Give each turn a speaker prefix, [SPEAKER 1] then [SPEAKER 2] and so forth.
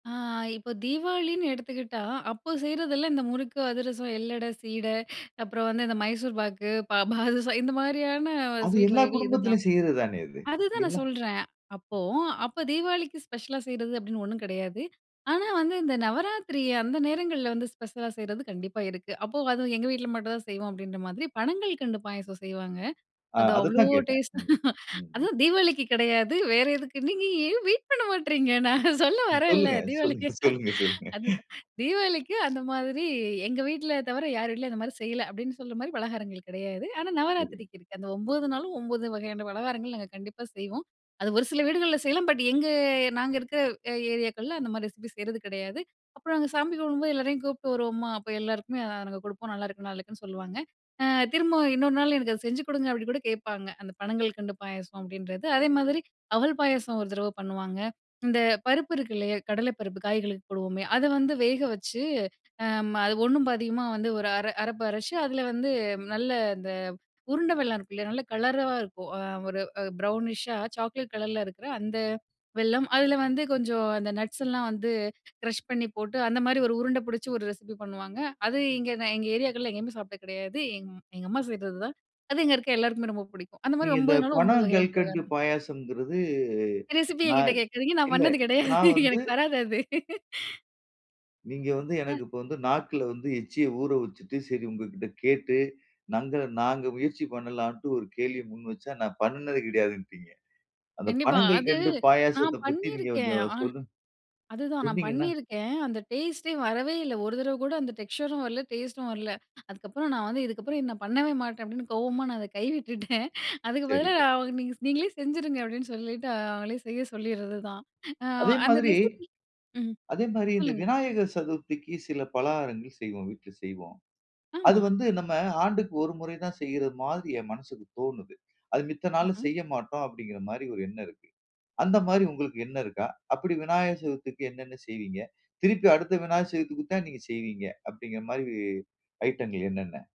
[SPEAKER 1] ஆ, இப்ப தீபாவளின்னு எடுத்துக்கிட்டா அப்போ செய்றதெல்லாம் இந்த முறுக்கு, அதிரசம், எள்ளட, சீட அப்புறம் வந்து இந்த மைசூர் பாக்கு, பா பாதுசா இந்த மாதிரியான
[SPEAKER 2] அது
[SPEAKER 1] ஸ்வீட்
[SPEAKER 2] எல்லா
[SPEAKER 1] வகைகள் இதுதான்.
[SPEAKER 2] குடும்பத்திலும் செய்றது தானே அது.
[SPEAKER 1] அதுதான் நான்
[SPEAKER 2] எல்லா
[SPEAKER 1] சொல்றேன். அப்போ அப்ப தீபாவளிக்கு ஸ்பெஷலா செய்றது அப்டின்னு ஒன்னும் கெடையாது. ஆனா, வந்து இந்த நவராத்திரி அந்த நேரங்கள்ல வந்து ஸ்பெஷலா செய்றது கண்டிப்பா இருக்கு. அப்போ அதுவும் எங்க வீட்ல மட்டும் தான் செய்வோம். அப்டின்ற மாதிரி பணங்கல்கண்டு பாயாசம் செய்வாங்க.
[SPEAKER 2] ஆ,
[SPEAKER 1] அது அவ்ளோ
[SPEAKER 2] அதத்தான் கேட்டேன்.
[SPEAKER 1] டேஸ்ட்டா
[SPEAKER 2] ம். ம்.
[SPEAKER 1] அதுவும் தீபாவளிக்கு கெடையாது. வேற "எதுக்கு நீங்க ஏன் வெயிட் பண்ண மாட்றீங்க?" நான் சொல்ல வரேன்ல
[SPEAKER 2] சொல்லுங்க,
[SPEAKER 1] தீபாவளிக்கு
[SPEAKER 2] சொல்லுங்க, சொல்லுங்க, சொல்லுங்க.
[SPEAKER 1] அதுதான் தீபாவளிக்கு அந்த மாதிரி எங்க வீட்ல தவிர யார் வீட்டிலும் அந்த மாதிரி செய்யல. அப்டின்னு சொல்ற மாதிரி பலகாரங்கள் கெடையாது. ஆனா,
[SPEAKER 2] சரி.
[SPEAKER 1] நவராத்திரிக்கு இருக்கு. அந்த 9 நாளும் 9 வகையான பலகாரங்கள் நாங்க கண்டிப்பா செய்வோம். அது ஒரு சில வீடுகள்ல செய்யலாம். பட் எங்க நாங்க இருக்கிற ஏரியாக்கள்ல அந்த மாதிரி ரெசிபி செய்றது கிடையாது. அப்புறம் நாங்க சாமி கும்பிடும்போது, எல்லோரையும் கூப்பிட்டு வருவோமா, அப்போ எல்லாருக்குமே நாங்க குடுப்போம். "நல்லாயிருக்கு நல்லாயிருக்குன்னு சொல்லுவாங்க" ஆ "திரும்பவும் இன்னொரு நாள் எனக்கு அத செஞ்சு குடுங்க" அப்டின்னு கூட கேட்பாங்க. அந்த பணங்கல்கண்டு பாயாசம் அப்டின்றது. அதே மாதிரி அவல் பாயாசம் 1 தடவ பண்ணுவாங்க. இந்த பருப்பு இருக்குல்லையா கடல பருப்பு காய்களுக்கு போடுவோமே, அதை வந்து வேக வச்சு அது ஒண்ணும் பாதியுமா வந்து ஒரு அர அரப்பு அரைச்சு அதில வந்து நல்ல இந்த உருண்டை வெல்லம் இருக்கு இல்லையா? நல்ல கலரா இருக்கும், ஒரு ப்ரௌனிஷ் ஷா சாக்லேட் கலர்ல இருக்கிற அந்த வெல்லம் அதுலல வந்து கொஞ்சம் அந்த நட்ஸ் லாம் வந்து க்ரஷ் பண்ணி போட்டு அந்த மாரி 1 உருண்ட பிடிச்சு 1 ரெசிபி பண்ணுவாங்க. அது இங்கே எங்க ஏரியாக்கள்ல எங்கயுமே சாப்பிட்டது கெடையாது. எங்க எங்கம்மா செய்றதுதான், அது இங்க இருக்கிற எல்லாருக்குமே ரொம்ப பிடிக்கும். அந்த
[SPEAKER 2] நீங்க
[SPEAKER 1] மாதிரி
[SPEAKER 2] இந்த
[SPEAKER 1] 9னாலும்
[SPEAKER 2] பண
[SPEAKER 1] 9 வகையான
[SPEAKER 2] கல்கண்டு
[SPEAKER 1] பலகாரம்.
[SPEAKER 2] பாயாசங்கிறது,
[SPEAKER 1] ரெசிபி எங்கிட்ட
[SPEAKER 2] நான்,
[SPEAKER 1] கேட்காதீங்க, நான்
[SPEAKER 2] இல்ல
[SPEAKER 1] பண்ணது கெடையாது,
[SPEAKER 2] நான் வந்து,
[SPEAKER 1] எனக்கு வராது அது.
[SPEAKER 2] நீங்க வந்து,
[SPEAKER 1] அ.
[SPEAKER 2] எனக்கு இப்ப வந்து நாக்குல வந்து எச்சிய ஊற வச்சுட்டு, சரி உங்ககிட்ட கேட்டு நங்க நாங்க முயற்சி பண்ணலாம்ட்டு ஒரு கேள்விய முன்வச்சா, நான் பண்ணினது கிடையாதுன்டிங்க. அந்த
[SPEAKER 1] கண்டிப்பா. அது
[SPEAKER 2] பணங்கல்கண்டு
[SPEAKER 1] நான்
[SPEAKER 2] பாயாசத்தப் பத்தி நீங்க
[SPEAKER 1] பண்ணிருக்கேன்.
[SPEAKER 2] கொஞ்சம்
[SPEAKER 1] ஆ
[SPEAKER 2] சொல்லுங்
[SPEAKER 1] அதுதான் நான்
[SPEAKER 2] சொன்னீங்கன்னா?
[SPEAKER 1] பண்ணியிருக்கேன். அந்த டேஸ்ட்டே வரவே இல்ல 1 தரவ கூட அந்த டெக்ஸ்சரும் வரல, டேஸ்ட்டும் வரல. அதுக்கப்புறம் நான் வந்து இதுக்கப்புறம் நான் பண்ணவே மாட்டேன் அப்டின்னு கோவமா நான் அத கைவிட்டுட்டேன். அதுக்கு பதிலா
[SPEAKER 2] சரிங்க.
[SPEAKER 1] "நீங்க நீங்களே செஞ்சுருங்க" அப்டின்னு சொல்லிட்டு அவங்களே செய்ய சொல்லிர்றதுதான். ஆ
[SPEAKER 2] அதே
[SPEAKER 1] அந்த
[SPEAKER 2] மாதிரி
[SPEAKER 1] ரெசிபி ம்.
[SPEAKER 2] அதே மாரி இந்த
[SPEAKER 1] சொல்லுங்க.
[SPEAKER 2] விநாயகர் சதுர்த்திக்கு சில பலகாரங்கள் செய்வோம் வீட்ல செய்வோம். அது
[SPEAKER 1] ஆமா.
[SPEAKER 2] வந்து நம்ம ஆண்டுக்கு 1 முறை தான் செய்ற மாதிரி என் மனசுக்கு தோணுது. அது மித்த நாள்ல
[SPEAKER 1] ம்ஹும்.
[SPEAKER 2] செய்ய மாட்டோம் அப்படிங்கிற மாரி ஒரு எண்ணம் இருக்கு. அந்த மாரி உங்களுக்கு எண்ணம் இருக்கா? அப்படி விநாயகர் சதுர்த்திக்கு என்னென்ன செய்வீங்க? திருப்பி அடுத்த விநாயகர் சதுர்த்திக்கு தான் நீங்க செய்வீங்க. அப்டிங்கிற மாதிரி ஐட்டங்கள் என்னென்ன?